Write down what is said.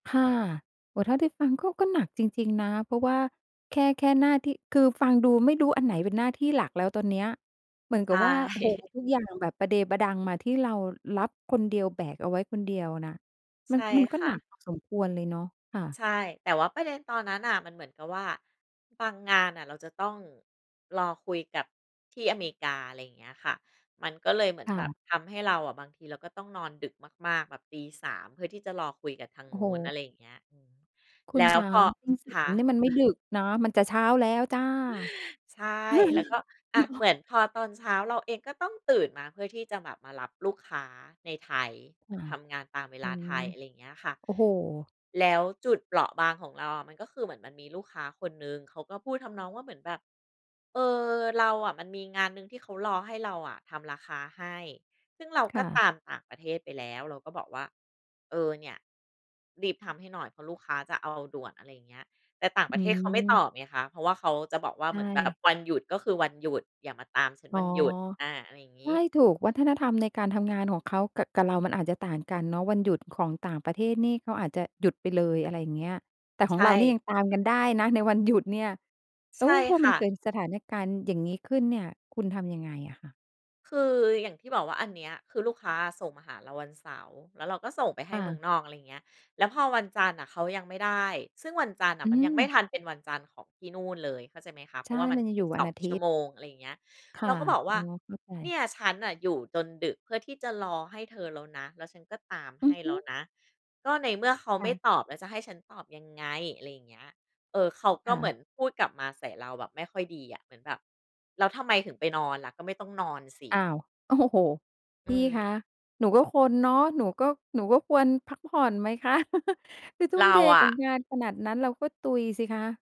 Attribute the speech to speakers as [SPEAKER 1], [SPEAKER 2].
[SPEAKER 1] ค่ะ โอ้ เท่าที่ฟังก็ ก็หนักจริง ๆ นะ เพราะว่าแค่ แค่หน้าที่ คือฟังดูไม่รู้อันไหนเป็นหน้าที่หลักแล้วตอนเนี้ย เหมือน
[SPEAKER 2] ใ
[SPEAKER 1] ก
[SPEAKER 2] ช
[SPEAKER 1] ับว่า โอ้โฮ
[SPEAKER 2] ่
[SPEAKER 1] ทุกอย่างแบบประเดประดังมาที่เรารับคนเดียวแบกเอาไว้คนเดียวนะ ม
[SPEAKER 2] ใ
[SPEAKER 1] ั
[SPEAKER 2] ช
[SPEAKER 1] น
[SPEAKER 2] ่
[SPEAKER 1] มันก็
[SPEAKER 2] ค่
[SPEAKER 1] หนัก
[SPEAKER 2] ะ
[SPEAKER 1] พอสมควรเลยเนาะ ค่ะ
[SPEAKER 2] ใช่ แต่ว่าประเด็นตอนนั้นน่ะมันเหมือนกับว่า บางงานน่ะเราจะต้องรอคุยกับ ที่อเมริกา อะไรอย่างเงี้ยค่ะ มันก็เลยเหมือ
[SPEAKER 1] ค
[SPEAKER 2] น
[SPEAKER 1] ่
[SPEAKER 2] แบบ
[SPEAKER 1] ะ
[SPEAKER 2] ทำให้เราอะ บางทีเราก็ต้องนอนดึกมาก ๆ แบบตี 03:00 เพื่อที่จะรอคุยกับทาง
[SPEAKER 1] โอ้
[SPEAKER 2] น
[SPEAKER 1] โ
[SPEAKER 2] ู้น อ
[SPEAKER 1] ฮ
[SPEAKER 2] ะไรอย่างเงี้ย
[SPEAKER 1] คุ
[SPEAKER 2] แล
[SPEAKER 1] ณ
[SPEAKER 2] ้
[SPEAKER 1] ค
[SPEAKER 2] ว
[SPEAKER 1] ะ
[SPEAKER 2] พอ คะ
[SPEAKER 1] 03:00 นี่มันไม่ดึกเนาะ มันจะเช้าแล้วจ้า เ
[SPEAKER 2] ใช่ แล้วก็ อะ
[SPEAKER 1] นา
[SPEAKER 2] เห
[SPEAKER 1] ะ
[SPEAKER 2] มือนพอตอนเช้าเราเอง ก็ต้องตื่นมาเพื่อที่จะแบบมารับลูกค้าในไทย
[SPEAKER 1] ค่ะ
[SPEAKER 2] ทำงานตามเว
[SPEAKER 1] อื
[SPEAKER 2] ลาไท
[SPEAKER 1] ม
[SPEAKER 2] ย อะไรเงี้ยค่ะ
[SPEAKER 1] โอ้โฮ
[SPEAKER 2] แล้วจุดเปราะบางของเราอะ มันก็คือเหมือนมันมีลูกค้าคนหนึ่ง เขาก็พูดทำนองว่าเหมือนแบบ เออ เราอะมันมีงานหนึ่งที่เขารอให้เราอะทำราคาให้ ซึ่งเรา
[SPEAKER 1] ค
[SPEAKER 2] ก
[SPEAKER 1] ่
[SPEAKER 2] ็ต
[SPEAKER 1] ะ
[SPEAKER 2] ามต่างประเทศไปแล้ว เราก็บอกว่า เออ เนี่ย รีบทำให้หน่อยเพราะลูกค้าจะเอาด่วน อะไรอย่างเงี้ย แต่ต่าง
[SPEAKER 1] อ
[SPEAKER 2] ปร
[SPEAKER 1] ื
[SPEAKER 2] ะเทศเขาไม่ต
[SPEAKER 1] ม
[SPEAKER 2] อบไงคะ เพราะว่าเขาจะบอกว่
[SPEAKER 1] ใ
[SPEAKER 2] า
[SPEAKER 1] ช
[SPEAKER 2] เหมือนแบบ
[SPEAKER 1] ่
[SPEAKER 2] วันหยุด ก็คือวันหยุด อย่ามาตามฉัน
[SPEAKER 1] อ๋
[SPEAKER 2] ว
[SPEAKER 1] อ
[SPEAKER 2] ันหยุด อา อะไรอย่างง
[SPEAKER 1] ใช
[SPEAKER 2] ี
[SPEAKER 1] ่
[SPEAKER 2] ้
[SPEAKER 1] ถูกวัฒนธรรมในการทำงานของเขา ก กับเรามันอาจจะต่างกันเนาะ วันหยุดของต่างประเทศนี่เขาอาจจะหยุดไปเลย อะไรอย่างเงี้ย แต่ข
[SPEAKER 2] ใช
[SPEAKER 1] อง
[SPEAKER 2] ่
[SPEAKER 1] เราเนี่ยยังตามกันได้นะ ในวันหยุดเนี่ย แล
[SPEAKER 2] ใ
[SPEAKER 1] ้
[SPEAKER 2] ช
[SPEAKER 1] ว
[SPEAKER 2] ่
[SPEAKER 1] พอ
[SPEAKER 2] ค
[SPEAKER 1] มัน
[SPEAKER 2] ่
[SPEAKER 1] เกิ
[SPEAKER 2] ะ
[SPEAKER 1] ดสถานการณ์อย่างงี้ขึ้นเนี่ย คุณทำยังไงอะคะ
[SPEAKER 2] คืออย่างที่บอกว่าอันเนี้ย คือลูกค้าส่งมาหาเราวันเสาร์ แล้วเราก็ส่งไปให
[SPEAKER 1] อ
[SPEAKER 2] ้เมือง
[SPEAKER 1] า
[SPEAKER 2] นอก อะไรอย่างเงี้ย แล้วพอวันจันทร์อะ เขายังไม่ได้ ซึ่งวันจันทร์น่
[SPEAKER 1] อ
[SPEAKER 2] ะ
[SPEAKER 1] ื
[SPEAKER 2] มันยังไม่
[SPEAKER 1] ม
[SPEAKER 2] ทันเป็นวันจันทร์ของที่นู่นเลย เข้าใจไหมคะ เพ
[SPEAKER 1] ใช
[SPEAKER 2] ราะว
[SPEAKER 1] ่
[SPEAKER 2] ่ามั
[SPEAKER 1] ม
[SPEAKER 2] น
[SPEAKER 1] ันยัง
[SPEAKER 2] ส
[SPEAKER 1] อย
[SPEAKER 2] ิ
[SPEAKER 1] ู
[SPEAKER 2] บ
[SPEAKER 1] ่วั
[SPEAKER 2] ส
[SPEAKER 1] น
[SPEAKER 2] อง
[SPEAKER 1] อาท
[SPEAKER 2] ชั
[SPEAKER 1] ิ
[SPEAKER 2] ่ว
[SPEAKER 1] ตย์
[SPEAKER 2] โมง อะไรอย่างเงี้ย
[SPEAKER 1] ค
[SPEAKER 2] เ
[SPEAKER 1] ่
[SPEAKER 2] ร
[SPEAKER 1] ะ
[SPEAKER 2] าก็บอกว
[SPEAKER 1] อ๋
[SPEAKER 2] ่า
[SPEAKER 1] อ เข้าใ
[SPEAKER 2] เน
[SPEAKER 1] จ
[SPEAKER 2] ี่ยฉันน่ะอยู่จนดึก เพื่อที่จะรอให้เธอแล้วนะ แล้วฉันก็ตาม
[SPEAKER 1] อ
[SPEAKER 2] ใ
[SPEAKER 1] ื
[SPEAKER 2] ห้
[SPEAKER 1] อฮ
[SPEAKER 2] แล
[SPEAKER 1] ึ
[SPEAKER 2] ้วนะ ก็ในเมื่อเขา
[SPEAKER 1] ค
[SPEAKER 2] ไ
[SPEAKER 1] ่
[SPEAKER 2] ม่
[SPEAKER 1] ะ
[SPEAKER 2] ตอบ แล้วจะให้ฉันตอบยังไง อะไรอย่างเงี้ย เออ เขาก
[SPEAKER 1] ค
[SPEAKER 2] ็
[SPEAKER 1] ่
[SPEAKER 2] เหมื
[SPEAKER 1] ะ
[SPEAKER 2] อนพูดกลับมาใส่เราแบบไม่ค่อยดีอ่ะ เหมือนแบบ แล้วทำไมถึงไปนอนล่ะ ก็ไม่ต้องนอนสิ
[SPEAKER 1] อ้าว โอ้โฮ
[SPEAKER 2] อื
[SPEAKER 1] พี่คะ
[SPEAKER 2] ม
[SPEAKER 1] หนูก็คนเนาะ หนูก็ หนูก็ควรพักผ่อนไหมค่ะ คือทุ่
[SPEAKER 2] เร
[SPEAKER 1] ม
[SPEAKER 2] า
[SPEAKER 1] เท
[SPEAKER 2] อ
[SPEAKER 1] กับ
[SPEAKER 2] ะ
[SPEAKER 1] งานขนาดนั้นเราก็ตุยสิคะ